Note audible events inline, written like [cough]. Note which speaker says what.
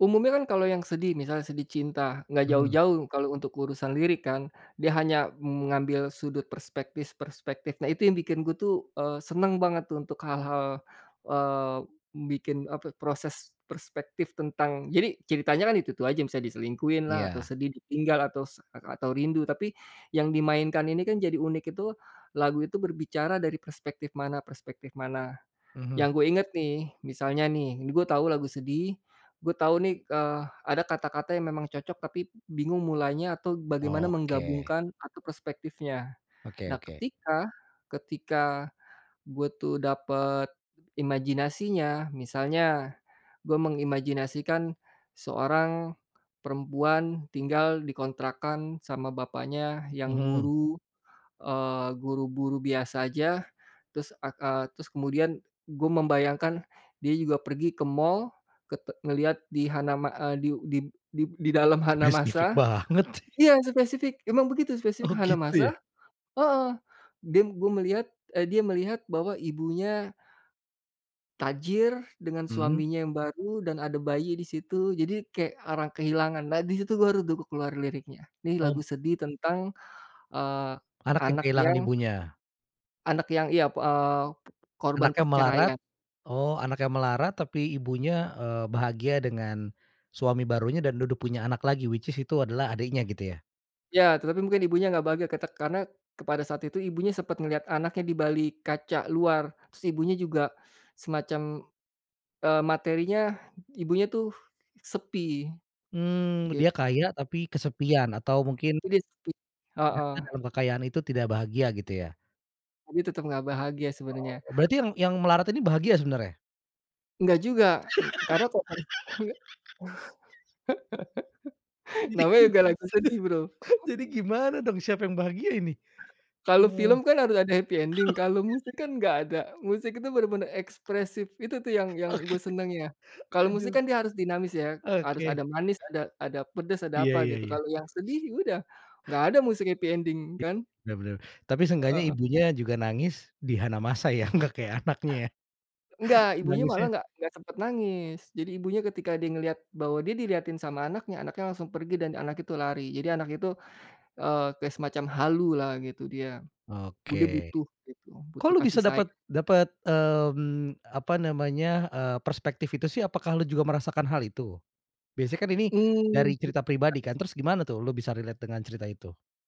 Speaker 1: Umumnya kan kalau yang sedih, misalnya sedih cinta, nggak
Speaker 2: Mhm.
Speaker 1: jauh-jauh kalau untuk urusan lirik kan, dia hanya mengambil sudut perspektif-perspektif. Nah, itu yang bikin gue tuh, eee, seneng banget untuk hal-hal, eee, bikin, apa, proses perspektif tentang jadi ceritanya kan itu-itu aja, misal diselingkuhin lah atau
Speaker 2: Iya.
Speaker 1: sedih ditinggal atau s lak atau rindu tapi, yang dimainkan ini kan jadi unik itu, lagu itu berbicara dari perspektif mana-perspektif mana.
Speaker 2: Mhm.
Speaker 1: Yang gue inget nih, misalnya nih gue tahu lagu sedih, gue tahu nih, eee, ada kata-kata yang memang cocok tapi bingung mulainya atau bagaimana
Speaker 2: Oke.
Speaker 1: menggabungkan atau perspektifnya.
Speaker 2: Oke
Speaker 1: Nah,
Speaker 2: oke.
Speaker 1: ketika ketika gue tuh dapet imajinasinya misalnya, gue mengimajinasikan seorang perempuan tinggal dikontrakkan sama bapaknya yang
Speaker 2: Mhm.
Speaker 1: guru, eee, guru buru biasa aja, terus ak ah terus kemudian gue membayangkan dia juga pergi ke mall, kete ngelihat di Hanama eee, diu dib dib didalam
Speaker 2: Spesifik
Speaker 1: Hanamasa
Speaker 2: banget.
Speaker 1: iya, spesifik, emang begitu spesifik
Speaker 2: Oh, gitu
Speaker 1: Hanamasa
Speaker 2: ya.
Speaker 1: heeh dim gue melihat, eee, dia melihat bahwa ibunya tajir dengan
Speaker 2: Mmm.
Speaker 1: suaminya yang baru dan ada bayi di situ, jadi kayak orang kehilangan. Nah, disitu baru tuh ku keluar liriknya, nih lagu
Speaker 2: Om
Speaker 1: sedih tentang, eee,
Speaker 2: Anak yang
Speaker 1: anak
Speaker 2: kehilangan
Speaker 1: yang
Speaker 2: ibunya.
Speaker 1: anak yang iya, p eee, p korban
Speaker 2: Anaknya melarat
Speaker 1: perceraian.
Speaker 2: oh, anaknya melarat, tapi ibunya, eee, bahagia dengan, suami barunya dan duduk punya anak lagi which is itu adalah adiknya, gitu ya?
Speaker 1: Ya, tetapi mungkin ibunya nggak bahagia kita karena kepada saat itu ibunya sempat ngelihat anaknya di balik kaca luar. Si ibunya juga semacam, eee, materinya, ibunya tuh, sepi.
Speaker 2: Mmm,
Speaker 1: Gitu.
Speaker 2: dia kaya tapi kesepian, atau mungkin
Speaker 1: Jadi sepi, heeh.
Speaker 2: ternyata dalam kekayaan itu tidak bahagia, gitu ya?
Speaker 1: Tapi tetep gak bahagia sebenernya.
Speaker 2: Oh, berarti yang yang melarat ini bahagia sebenarnya?
Speaker 1: Nggak juga, ng karena. [unintelligible] [laughs]
Speaker 2: [laughs] Jadi
Speaker 1: Namanya
Speaker 2: gim
Speaker 1: juga lagi sedih, Bro.
Speaker 2: [laughs] jadi
Speaker 1: [laughs]
Speaker 2: gimana dong, siapa yang bahagia ini?
Speaker 1: Kalau
Speaker 2: Oh.
Speaker 1: film
Speaker 2: [laughs]
Speaker 1: kan harus ada happy ending kalau musik kan enggak ada. Musik itu bener bener ekspresif, itu tuh yang yang gue seneng, ya.
Speaker 2: Oke,
Speaker 1: Kalau musik
Speaker 2: aduh.
Speaker 1: kan dia harus dinamis ya, harus
Speaker 2: Oke.
Speaker 1: ada manis, ada ada pedes, ada
Speaker 2: Iya
Speaker 1: apa
Speaker 2: iya
Speaker 1: gitu,
Speaker 2: iya.
Speaker 1: kalau yang sedih ya udah, nggak ada musik happy ending
Speaker 2: Iya,
Speaker 1: kan?
Speaker 2: bener bener. Tapi seenggaknya
Speaker 1: Heeh.
Speaker 2: ibunya juga nangis di Hanamasa ya, nggak kayak anaknya, ya.
Speaker 1: Nggak, ibunya malah
Speaker 2: Nangisnya
Speaker 1: nggak nggak sempat nangis. Jadi ibunya ketika dia ngelihat bahwa dia dilihatin sama anaknya, anaknya langsung pergi dan anak itu lari. Jadi anak itu, eee, kayak semacam halu lah, gitu dia. Bu dia
Speaker 2: Oke.
Speaker 1: butuh gitu,
Speaker 2: Kok
Speaker 1: butuh
Speaker 2: lu bisa
Speaker 1: kasih
Speaker 2: dapet
Speaker 1: sayang.
Speaker 2: dapet, mmm, apa namanya, eee, perspektif itu sih? Apakah lu juga merasakan hal itu? Biasa kan ini,
Speaker 1: Mmm,
Speaker 2: dari cerita
Speaker 1: ya.
Speaker 2: pribadi kan? Terus gimana tuh lu bisa relate dengan cerita itu?